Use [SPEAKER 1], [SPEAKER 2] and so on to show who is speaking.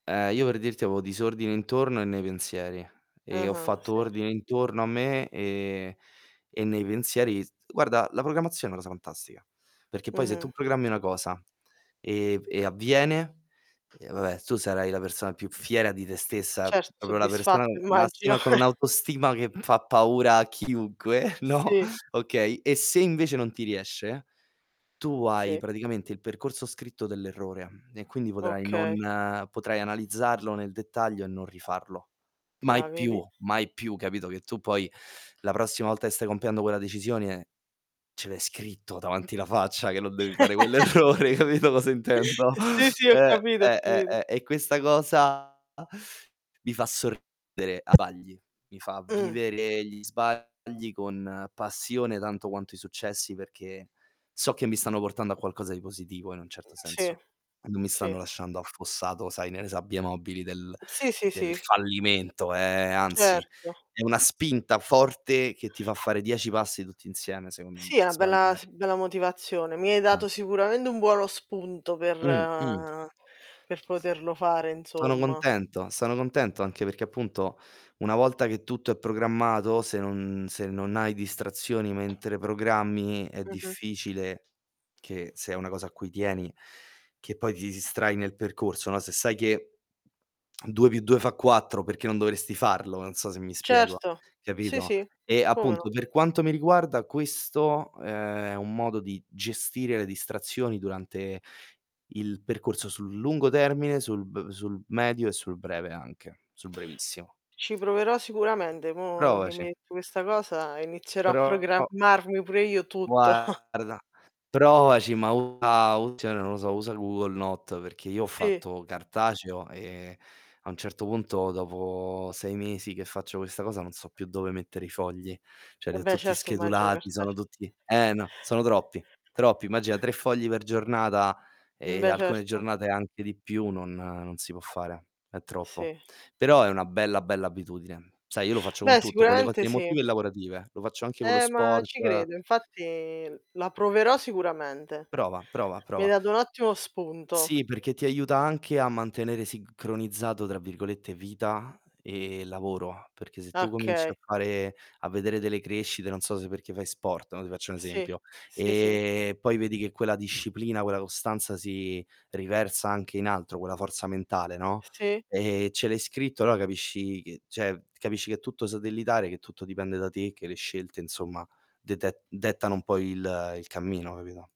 [SPEAKER 1] Ehm, io per dirti avevo disordine intorno e nei pensieri e ho
[SPEAKER 2] Ah-ah,
[SPEAKER 1] fatto
[SPEAKER 2] sì.
[SPEAKER 1] ordine intorno a me, ehm, e nei pensieri s guarda, la programmazione è una cosa fantastica. Perché poi se tu
[SPEAKER 2] Mh-mh.
[SPEAKER 1] programmi una cosa, ehm, v e avviene, eh vabbè tu sarai la persona più fiera di te stessa,
[SPEAKER 2] Certo,
[SPEAKER 1] proprio la persona,
[SPEAKER 2] soddisfatto
[SPEAKER 1] uhm,
[SPEAKER 2] immagino.
[SPEAKER 1] massima con un'autostima che, mhmm, fa paura a chiunque, no,
[SPEAKER 2] Sì.
[SPEAKER 1] okay; e se invece non ti riesce, tu hai
[SPEAKER 2] Sì.
[SPEAKER 1] praticamente il percorso scritto dell'errore e quindi potrai non
[SPEAKER 2] Okay.
[SPEAKER 1] potrai analizzarlo nel dettaglio e non rifarlo.
[SPEAKER 2] Ah,
[SPEAKER 1] Mai più,
[SPEAKER 2] vedi?
[SPEAKER 1] mai più, capito, che tu poi la prossima volta che stai compiendo quella decisione ce l'hai scritto davanti la faccia che non devi fare quell'errore, hai capito cosa intendo?
[SPEAKER 2] Eh sì, sì, ho
[SPEAKER 1] Eh,
[SPEAKER 2] capito, ho
[SPEAKER 1] eh,
[SPEAKER 2] capito.
[SPEAKER 1] eh, e questa cosa mi fa sorridere a vagli, mi fa
[SPEAKER 2] Mh.
[SPEAKER 1] vivere gli sbagli con passione tanto quanto i successi, perché so che mi stanno portando a qualcosa di positivo in un certo
[SPEAKER 2] Sì.
[SPEAKER 1] senso, e non mi
[SPEAKER 2] Sì.
[SPEAKER 1] stanno lasciando affossato, sai, nelle sabbie mobili del
[SPEAKER 2] Sì, sì,
[SPEAKER 1] del
[SPEAKER 2] sì.
[SPEAKER 1] fallimento, ehm, anzi,
[SPEAKER 2] Certo.
[SPEAKER 1] è una spinta forte che ti fa fare 10 passi tutti insieme, secondo
[SPEAKER 2] Sì,
[SPEAKER 1] me,
[SPEAKER 2] a bella,
[SPEAKER 1] sbagliare
[SPEAKER 2] s bella motivazione. Mi hai
[SPEAKER 1] Ah.
[SPEAKER 2] dato sicuramente un buono spunto per
[SPEAKER 1] Mh, mh.
[SPEAKER 2] ehm, per
[SPEAKER 1] S
[SPEAKER 2] poterlo fare
[SPEAKER 1] sono
[SPEAKER 2] insomma.
[SPEAKER 1] contento, sono contento anche perché appunto una volta che tutto è programmato, se non se non hai distrazioni mentre programmi è
[SPEAKER 2] Mh-mh.
[SPEAKER 1] difficile che se è una cosa a cui tieni, che poi ti distrai nel percorso, no; se sai che 2+2 fa 4, perché non dovresti farlo, non so se mi spiego,
[SPEAKER 2] Certo. Sì,
[SPEAKER 1] capito?
[SPEAKER 2] sì,
[SPEAKER 1] E
[SPEAKER 2] come no?
[SPEAKER 1] appunto, per quanto mi riguarda questo, ehm, è un modo di gestire le distrazioni durante il percorso sul lungo termine, sul b sul medio e sul breve anche, sul brevissimo.
[SPEAKER 2] Ci proverò sicuramente. Mo che mi
[SPEAKER 1] Provaci.
[SPEAKER 2] hai detto questa cosa inizierò a
[SPEAKER 1] Pro
[SPEAKER 2] programmarmi pure io tutto.
[SPEAKER 1] Guarda, provaci, ma usa u cioè non lo so, usa il Google Note perché io ho
[SPEAKER 2] Sì.
[SPEAKER 1] fatto cartaceo, ehm, a un certo punto, dopo 6 mesi che faccio questa cosa, non so più dove mettere i fogli. Cioè li
[SPEAKER 2] Eh
[SPEAKER 1] ho
[SPEAKER 2] beh,
[SPEAKER 1] tutti
[SPEAKER 2] certo immagino
[SPEAKER 1] schedulati, sono
[SPEAKER 2] cartace
[SPEAKER 1] tutti eh no, sono troppi, troppi. Immagina 3 fogli per giornata,
[SPEAKER 2] Mhmm,
[SPEAKER 1] ehm,
[SPEAKER 2] beh,
[SPEAKER 1] alcune
[SPEAKER 2] certo.
[SPEAKER 1] giornate anche di più, non non si può fare, è troppo.
[SPEAKER 2] Sì.
[SPEAKER 1] Però è una bella, bella abitudine. Sai, io lo faccio con
[SPEAKER 2] Beh,
[SPEAKER 1] tutto, con le cose
[SPEAKER 2] sicuramente sì.
[SPEAKER 1] emotive e lavorative. Lo faccio anche con lo
[SPEAKER 2] Eh, ma ci
[SPEAKER 1] sport
[SPEAKER 2] credo, infatti la proverò sicuramente.
[SPEAKER 1] Prova, prova,
[SPEAKER 2] Mi hai
[SPEAKER 1] prova.
[SPEAKER 2] dato un ottimo spunto.
[SPEAKER 1] Sì, perché ti aiuta anche a mantenere "sincronizzato", tra virgolette, vita e lavoro. Perché se
[SPEAKER 2] Ah,
[SPEAKER 1] tu cominci
[SPEAKER 2] okay.
[SPEAKER 1] a fare a vedere delle crescite non so, se perché fai sport, no, ti faccio un
[SPEAKER 2] Sì.
[SPEAKER 1] esempio,
[SPEAKER 2] Sì, sì.
[SPEAKER 1] ehm, poi vedi che quella disciplina, quella costanza si riversa anche in altro, quella forza mentale, no,
[SPEAKER 2] Sì.
[SPEAKER 1] ehm, ce l'hai scritto, allora capisci che cioè capisci che è tutto satellitare, che tutto dipende da te, che le scelte insomma dete dettano un po' il il cammino, capito?